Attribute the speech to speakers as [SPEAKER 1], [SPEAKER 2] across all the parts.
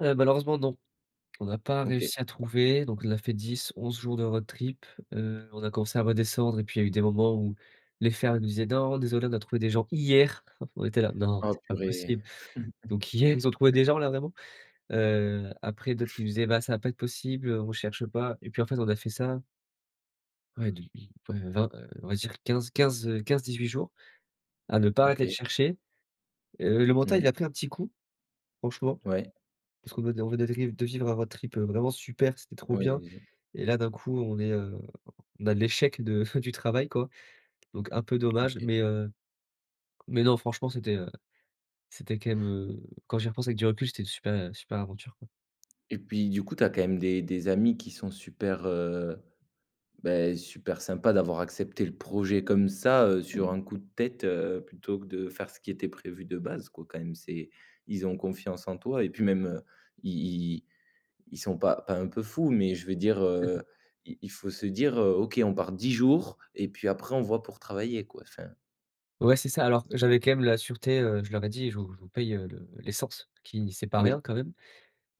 [SPEAKER 1] Heu, malheureusement, non. On n'a pas
[SPEAKER 2] OK.
[SPEAKER 1] réussi à trouver donc on a fait 10-11 jours de road trip, heu, on a commencé à redescendre et puis il y a eu des moments où les fermes nous disaient: «Non désolé, on a trouvé des gens hier». On était là: «Non,
[SPEAKER 2] Oh
[SPEAKER 1] c'est pas
[SPEAKER 2] purée!
[SPEAKER 1] possible. Donc hier, ils ont trouvé des gens là, vraiment?» heu, après d'autres qui nous disaient: «Bah, ça va pas être possible, heu, on cherche pas». Et puis, en fait, on a fait ça Ouais, depuis, ouais, 20, heu, on va dire 15-15, heu, 15-18 jours à ne pas arrêter de
[SPEAKER 2] OK.
[SPEAKER 1] chercher. Heu, le mental, il
[SPEAKER 2] Mmh.
[SPEAKER 1] a pris un petit coup, franchement,
[SPEAKER 2] Ouais.
[SPEAKER 1] parce qu'on venait on venait de riv de vivre un road trip, heu, vraiment super, c'était trop
[SPEAKER 2] Ouais,
[SPEAKER 1] bien.
[SPEAKER 2] allez-y.
[SPEAKER 1] Et là d'un coup, on est, heu, on a l'échec de du travail, quoi. Donc un peu dommage,
[SPEAKER 2] OK.
[SPEAKER 1] mais, heu, mais non franchement, c'était, heu, c'était quand même, heu, quand j'y repense avec du recul, c'était une super super aventure, quoi.
[SPEAKER 2] Et puis, du coup, tu as quand même des des amis qui sont super, heu, bah, super sympa d'avoir accepté le projet comme ça, heu, sur un coup de tête, heu, plutôt que de faire ce qui était prévu de base, quoi, quand même. C'est ils ont confiance en toi et puis même, heu, ils ils ils sont pas pas un peu fous, mais je veux dire, heu, il il faut se dire: «Heu, OK, on part 10 jours et puis après, on voit, pour travailler», quoi, enfin
[SPEAKER 1] Ouais, c'est ça. Alors j'avais quand même la sûreté, heu, je leur ai dit: «Je vous je vous paye, heu, le l'essence», qui c'est pas
[SPEAKER 2] Oui.
[SPEAKER 1] rien quand même.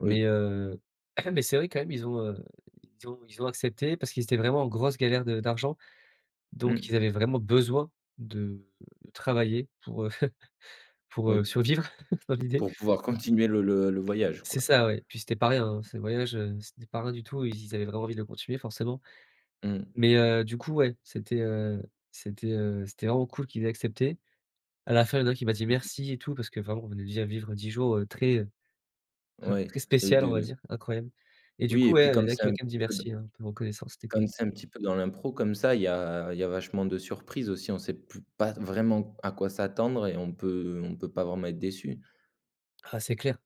[SPEAKER 1] Mais,
[SPEAKER 2] Oui.
[SPEAKER 1] heu mais c'est vrai quand même, ils ont, heu, ils ont ils ont accepté parce qu'ils étaient vraiment en grosse galère de d'argent. Donc ils
[SPEAKER 2] Mmh.
[SPEAKER 1] avaient vraiment besoin de travailler pour, heu, pour,
[SPEAKER 2] Oui
[SPEAKER 1] heu,
[SPEAKER 2] p
[SPEAKER 1] survivre dans l'idée.
[SPEAKER 2] pour pouvoir continuer le le le voyage,
[SPEAKER 1] C'est
[SPEAKER 2] quoi.
[SPEAKER 1] ça, oui. Puis c'était pas rien, hein, ce voyage, heu, c'était pas rien du tout. Ils ils avaient vraiment envie de le continuer forcément.
[SPEAKER 2] Mmh.
[SPEAKER 1] Mais heu, du coup, ouais, c'était, heu, c'était, heu, c'était vraiment cool qu'ils aient accepté. À la fin, il y a un qui m'a dit:
[SPEAKER 2] OK.
[SPEAKER 1] «Merci» et tout parce que vraiment on venait de vivre 10 jours, heu, très,
[SPEAKER 2] Ouais,
[SPEAKER 1] très
[SPEAKER 2] heu,
[SPEAKER 1] spécial, on va
[SPEAKER 2] de
[SPEAKER 1] dire, incroyable. Et du
[SPEAKER 2] Oui
[SPEAKER 1] coup,
[SPEAKER 2] et
[SPEAKER 1] ouais,
[SPEAKER 2] puis,
[SPEAKER 1] heu, il y
[SPEAKER 2] comme
[SPEAKER 1] en a un
[SPEAKER 2] c'est
[SPEAKER 1] qui
[SPEAKER 2] un
[SPEAKER 1] m'a quand même
[SPEAKER 2] petit
[SPEAKER 1] dit:
[SPEAKER 2] peu dans
[SPEAKER 1] «Merci», hein, un peu reconnaissant, c'était
[SPEAKER 2] comme
[SPEAKER 1] cool.
[SPEAKER 2] c'est un petit peu dans l'impro comme ça, il y a il y a vachement de surprises aussi, on sait pu pas vraiment à quoi s'attendre et on peut on peut pas vraiment être déçu.
[SPEAKER 1] Ah, c'est clair.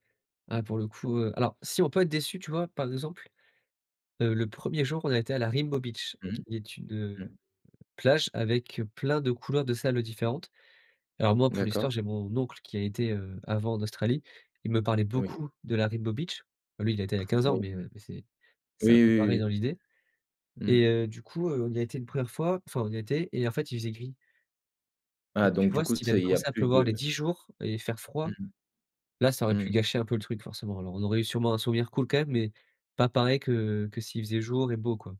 [SPEAKER 1] Ah pour le coup, heu, alors si, on peut être déçus, tu vois, par exemple, heu, le 1er jour, on a été à la Rainbow Beach
[SPEAKER 2] Mmh.
[SPEAKER 1] qui est une, heu,
[SPEAKER 2] Mmh.
[SPEAKER 1] plage avec plein de couleurs de sables différentes. Alors moi pour
[SPEAKER 2] D'accord.
[SPEAKER 1] l'histoire, j'ai mon oncle qui a été, heu, avant en Australie, il me parlait
[SPEAKER 2] Oui.
[SPEAKER 1] beaucoup de la Rainbow Beach. Lui, il y a été il y a 15 ans,
[SPEAKER 2] Oui.
[SPEAKER 1] mais heu, mais c'est
[SPEAKER 2] Oui,
[SPEAKER 1] c'est un peu pareil
[SPEAKER 2] oui,
[SPEAKER 1] dans
[SPEAKER 2] oui,
[SPEAKER 1] l'idée.
[SPEAKER 2] oui.
[SPEAKER 1] Et
[SPEAKER 2] Mmh.
[SPEAKER 1] heu, du coup, heu, on y a été une 1re fois, enfin, on y était et en fait, il faisait gris.
[SPEAKER 2] Ah
[SPEAKER 1] Et tu
[SPEAKER 2] donc, du
[SPEAKER 1] vois,
[SPEAKER 2] coup,
[SPEAKER 1] s'il
[SPEAKER 2] ça,
[SPEAKER 1] avait
[SPEAKER 2] il y a
[SPEAKER 1] commencé à
[SPEAKER 2] plus
[SPEAKER 1] pleuvoir les
[SPEAKER 2] de
[SPEAKER 1] 10 jours et faire froid,
[SPEAKER 2] Mmh mh.
[SPEAKER 1] là ça aurait pu
[SPEAKER 2] Mmh.
[SPEAKER 1] gâcher un peu le truc forcément. Alors on aurait eu sûrement un souvenir cool quand même, mais pas pareil que que s'il faisait jour et beau, quoi.